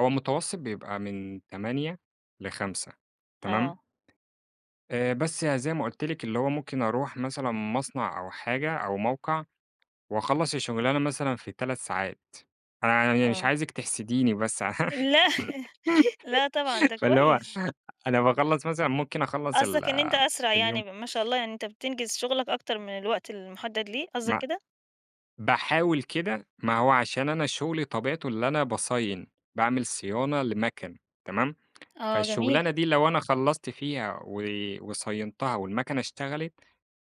هو المتوسط بيبقى من 08:00 ل17:00 تمام؟ آه. آآ بس ي زي ما قُلت لِك، اللي هو ممكن أروح مثلًا مصنع أو حاجة، أو موقع وأخلص الشُّغلانة مثلًا في 3 ساعات، أنا ع يعني مش آه. عايزِك تحسديني بس، لا لا طبعًا ده فاللي هو كويس. أنا باخلّص مثلًا ممكن أخلّص ال قصدك إن أنت أسرع يعني اليوم ب ما شاء الله يعني أنت بتنجز شُغلك أكتر من الوقت المُحدد ليه، قصدك مع كده؟ باحاول كده، ما هو عشان أنا شُغلي طبيعته اللي أنا باصاين باعمل صيانة لمَكَن، تمام؟ آه، جميل. فالشُّغلانة دي لو أنا خلَّصت فيها و وصاينتها، والمَكَنة اشتغلِت،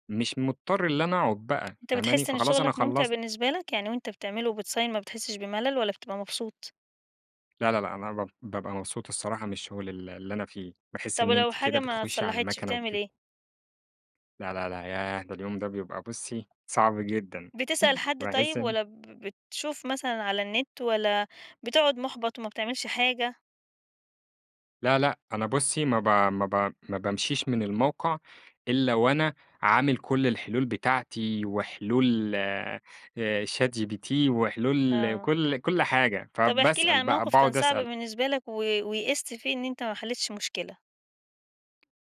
مش مُضطر إن أنا أقعد بقى، أنت فاهماني؟ بتحِسّ إن فخلاص أنا شُغلك مُمتع خلّصت. بالنسبة لك، يعني وأنت بتعمله وبتصاين ما بتحِسّش بملل، والّا بتبقى مبسوط؟ لا لا لأ، أنا باب بابقى مبسوط الصراحة من الشُّغل ال اللي أنا فيه، بحيث طب إن ولو أنتِ كده حاجة ما بتخُشّي على اتصلّحتش، المَكنة بتعمل وبت إيه؟ لا لا لا ياه! ده اليوم ده بيبقى بُصّي، صعب جدًا، بتسأل حد باحِسّ طيب، إن والّا ب بتشوف مثلًا على النِّت، والّا بتُقعُد مُحبط وما بتعملش حاجة؟ لا لأ، أنا بُصى ما ب ما ب ما بامشيش من الموقع، إلّا وأنا عامل كُلّ الحلول بتاعتي، وحلول آآ ChatGPT وحلول آه. كُلّ كُلّ حاجة، طب احكِ لي فباسأل عن بقى، موقف كان باقعد صعب أسأل بالنسبة لك، و ويأست فيه إن أنت ما حلّيتش المشكلة.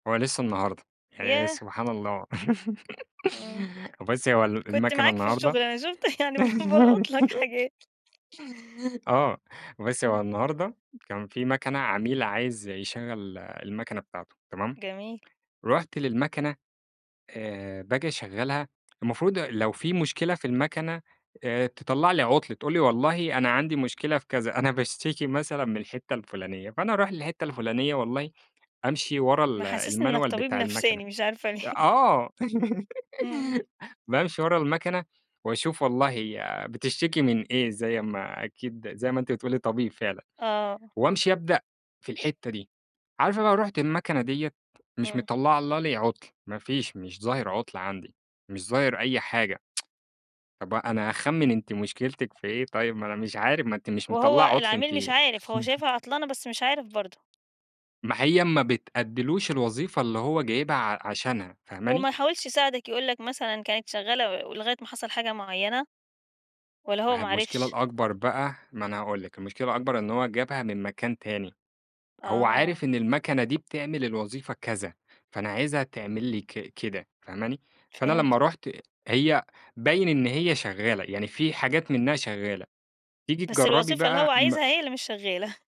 هو لسه النهارده، يعني ياه! سبحان الله، إمم. بُصي، هو ال كنت المَكَنة معاك في النهارده الشُّغل أنا شُفت، يعني ب بالقُط لك حاجات. آه، بُصي، هو إمم. النهارده كان في مَكَنة عميل عايز يشغل المَكَنة بتاعته، تمام؟ جميل. رُحت للمَكَنة آآ باجي أشغّلها المفروض لو في مشكلة في المَكَنة آآ تطَلّع لي عُطل، تقول لي والله أنا عندي مشكلة في كذا، أنا باشتكي مثلًا من الحِتّة الفُلانية، فأنا أروح للحِتّة الفُلانية والله أمشي ورا ال محسسني إنّك المانيوال طبيب بتاع المَكَنة، نفساني، مش عارفة ليه. آه، إمم. بامشي ورا المَكَنة وأشوف والله هي بتشتكي من إيه، زي أمّا أكيد زي ما أنتِ بتقولي طبيب فعلًا، آه. وأمشي أبدأ في الحِتّة دي، عارفة بقى رُحت المَكَنة ديّة، مش إمم. مطلّعة لي عُطل، ما فيش مش ظاهر عُطل عندي، مش ظاهر أي حاجة. طب أ أنا هاخمّن أنتِ مشكلتِك في إيه طيب، ما أنا مش عارف، ما أنتِ مش مطلّعة وهو عطل العميل أنتِ مش عارف، هو شايفها عطلانة بس مش عارف برضه. ما هي ما بتأدّيلوش الوظيفة اللي هو جايبها ع عشانها، فاهماني؟ وما حاولش يساعدك، يقول لك مثلًا كانت شغّالة و ولغاية ما حصل حاجة مُعيّنة، والّا هو ما هي ما المشكلة عرِفش؟ الأكبر بقى، ما أنا هاقول لِك، المشكلة الأكبر إن هو جابها من مكان تاني، هو عارف آه. إن المَكَنة دي بتعمل الوظيفة كذا، فأنا عايزها تعمل لي ك كده، فاهماني، فأنا لمّا فهمتك. رُحت هي باين إن هي شغّالة، يعني في حاجات منها شغّالة، تيجي بس تجرّبي الوظيفة اللي هو بقى عايزها م هي اللي مش شغّالة.